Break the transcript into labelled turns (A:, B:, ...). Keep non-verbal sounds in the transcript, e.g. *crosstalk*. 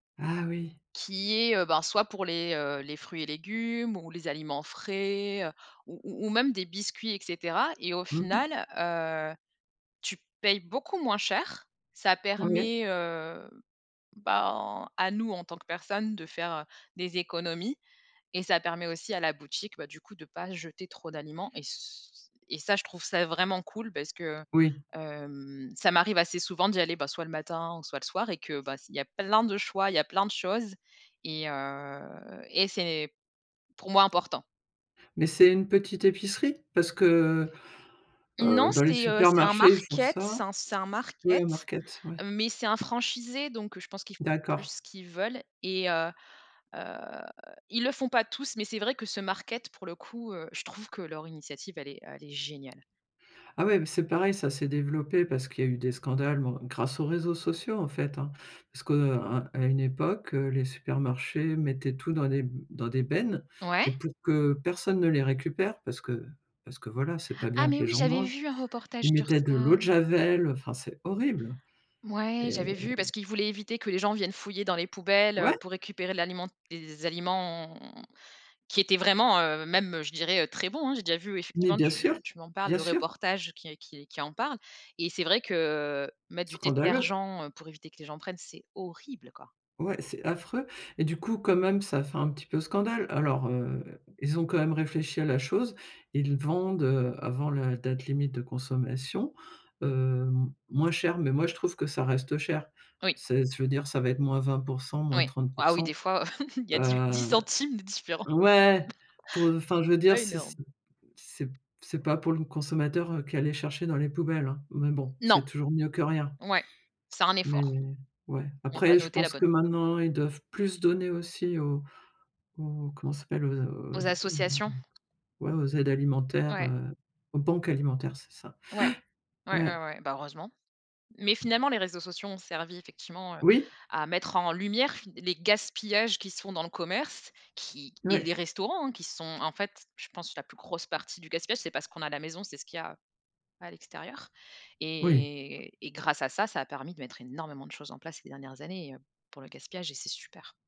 A: Ah oui!
B: Qui est, heu, ben, soit pour les, heu, les fruits et légumes ou les aliments frais ou ou ou même des biscuits et cetera et au
A: Mmh mh.
B: final, heu, tu payes beaucoup moins cher. Ça
A: OK.
B: permet, heu, ben, à nous, en tant que personne de faire, heu, des économies et ça permet aussi à la boutique, bah du coup, de pas jeter trop d'aliments et c et ça, je trouve ça vraiment cool parce que, heu,
A: Oui.
B: hem, ça m'arrive assez souvent d'y aller, bah, soit le matin ou soit le soir et que, bah c il y a plein de choix, il y a plein de choses et heu, et c'est pour moi important.
A: Mais c'est une petite épicerie? Parce que, heu,
B: Non,
A: heu, dans les
B: c'est, heu, c'est un
A: supermarchés ils font
B: market.
A: ça.
B: C'est un c'est un
A: Ouais
B: market,
A: market, ouais.
B: mais c'est un franchisé. Donc je pense qu'ils font plus
A: D'accord.
B: ce qu'ils veulent et heu, heu, ils le font pas tous. Mais c'est vrai que ce market,, pour le coup, heu, je trouve que leur initiative, elle est elle est géniale!
A: Ah ouais, bah, c'est pareil, ça s'est développé parce qu'il y a eu des scandales ou en grâce aux réseaux sociaux, en fait, hein. Parce que, heu, à à une époque, heu, les supermarchés mettaient tout dans des b dans des bennes
B: Ouais?
A: et pour que personne ne les récupère parce que parce que, voilà, c'est pas
B: Ah
A: bien que
B: mais,
A: les
B: oui,
A: gens
B: j'avais
A: mangent.
B: vu un reportage
A: Ils
B: sur
A: mettaient de
B: ça.
A: l'eau de javel, heu, enfin, c'est horrible
B: Mouais,
A: et heu
B: j'avais vu parce qu'ils voulaient éviter que les gens viennent fouiller dans les poubelles, heu,
A: Ouais.
B: pour récupérer de l'aliment des aliments qui étaient vraiment, heu, même, heu, je dirais, heu, très bons, hein. J'ai déjà vu
A: Mais
B: effectivement,
A: bien sûr,
B: tu tu m'en parles,
A: bien
B: le
A: sûr.
B: reportage qui qui qui en parle. Et c'est vrai que mettre du
A: Scandaleux!
B: détergent pour éviter que les gens prennent, c'est horrible, quoi.
A: Ouais, c'est affreux et du coup, quand même, ça a fait un petit peu scandale. Alors heu, ils ont quand même réfléchi à la chose. Ils vendent, heu, avant la date limite de consommation, hem, moins cher mais moi je trouve que ça reste cher.
B: Oui.
A: C'est je veux dire, ça va être -20 %, moins
B: Oui.
A: trente pour
B: Ah oui, des
A: cent,
B: fois, *chuckles* il y a dix,
A: heu
B: dix centimes de différent.
A: ouais, pour enfin, je
B: *chuckles*
A: veux
B: C'est
A: dire,
B: pas
A: c'est c'est
B: énorme.
A: c'est p c'est pas pour le consommateur qui allait chercher dans les poubelles, hein. Mais bon,
B: Non.
A: c'est toujours mieux que rien.
B: Ouais, c'est un
A: Mais
B: effort.
A: ouais,
B: On va
A: après je
B: noter la
A: pense que
B: bonne.
A: maintenant, ils doivent plus donner aussi aux aux comment ça s'appelle? Aux a aux
B: Aux
A: hem,
B: associations?
A: ouais, aux aides alimentaires,
B: Ouais.
A: heu, aux banques alimentaires, c'est ça.
B: Ouais.
A: Ouais,
B: Ouais, ouais,
A: ouais.
B: ouais, bah, heureusement. Mais finalement, les réseaux sociaux ont servi effectivement, heu,
A: Oui.
B: à mettre en lumière fin les gaspillages qui se font dans le commerce, qui et les
A: Ouais.
B: restaurants, hein, qui sont en fait, je pense la plus grosse partie du gaspillage, c'est pas ce qu'on a à la maison, c'est ce qu'il y a à l'extérieur.
A: Oui.
B: Et et grâce à ça, ça a permis de mettre énormément de choses en place ces dernières années pour le gaspillage et c'est super.